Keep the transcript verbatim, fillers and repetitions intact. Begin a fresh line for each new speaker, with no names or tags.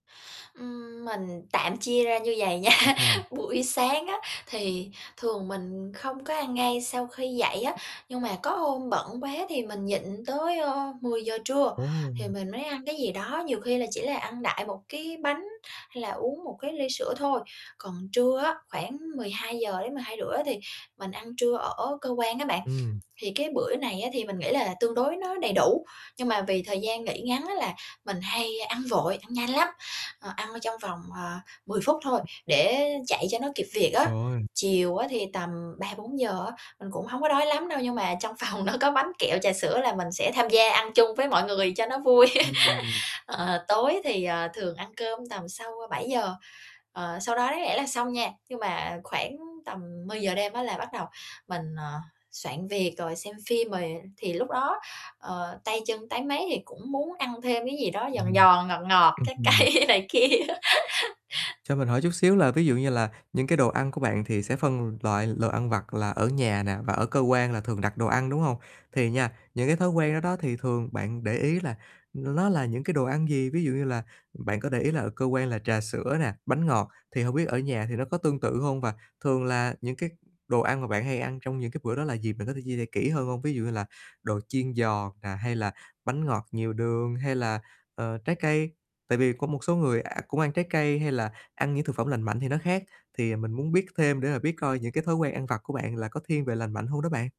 Ừm, mình tạm chia ra như vầy
Ô
nha,
kê.
buổi sáng á, thì thường mình không có ăn ngay sau khi dậy á, nhưng mà có hôm bận quá thì mình nhịn tới, ơ, mười giờ trưa,
Ồ!
thì mình mới ăn cái gì đó, nhiều khi là chỉ là ăn đại một cái bánh hay là uống một cái ly sữa thôi. Còn trưa á, khoảng mười hai giờ đến mưỡi hai giờ rưỡi á thì mình ăn trưa ở cơ quan á bạn.
Ừm.
Thì cái bữa này á thì mình nghĩ là tương đối nó đầy đủ, nhưng mà vì thời gian nghỉ ngắn á là mình hay ăn vội, ăn nhanh lắm, ờ, ăn trong vòng, à, mười phút thôi, để chạy cho nó kịp việc á.
[unintelligible]
Chiều á thì tầm ba bốn giờ á, mình cũng hổng có đói lắm đâu, nhưng mà trong phòng nó có bánh kẹo, trà sữa là mình sẽ tham gia ăn chung với mọi người cho nó vui.
Ừm.
Ờ, tối thì, ờ, thường ăn cơm tầm sau bảy giờ. Ờ, sau đó đáng lẽ là xong nha, nhưng mà khoảng tầm mười giờ đêm á là bắt đầu mình, ờ, soạn việc rồi xem phim rồi thì lúc đó, ờ, tay chân táy máy thì cũng muốn ăn thêm cái gì đó, giòn
Ừm,
giòn ngọt ngọt
ừm
trái
hừm.
cây này kia.
Cho mình hỏi chút xíu là ví dụ như là những cái đồ ăn của bạn thì sẽ phân loại l ăn vặt là ở nhà nè và ở cơ quan là thường đặt đồ ăn, đúng hông? Thì nha, những, cái, thói quen đó đó thì thường bạn để ý là n nó là những, cái, đồ ăn gì, ví dụ như là, bạn có để ý là ở cơ quan là trà sữa nè, bánh ngọt, thì hông biết ở nhà thì nó có tương tự hông? Và thường là những cái đồ ăn mà bạn hay ăn trong những cái bữa đó là gì bạn có thể chia sẻ kĩ hơn hông? Ví dụ như là đồ chiên giòn nè hay là bánh ngọt nhiều đường hay là, ờ, trái cây. Tại vì có một số người cũng ăn trái cây hay là ăn những thực phẩm lành mạnh thì nó khác thì mình muốn biết thêm để mà biết coi những cái thói quen ăn vặt của bạn là có thiên về lành mạnh hông đó bạn?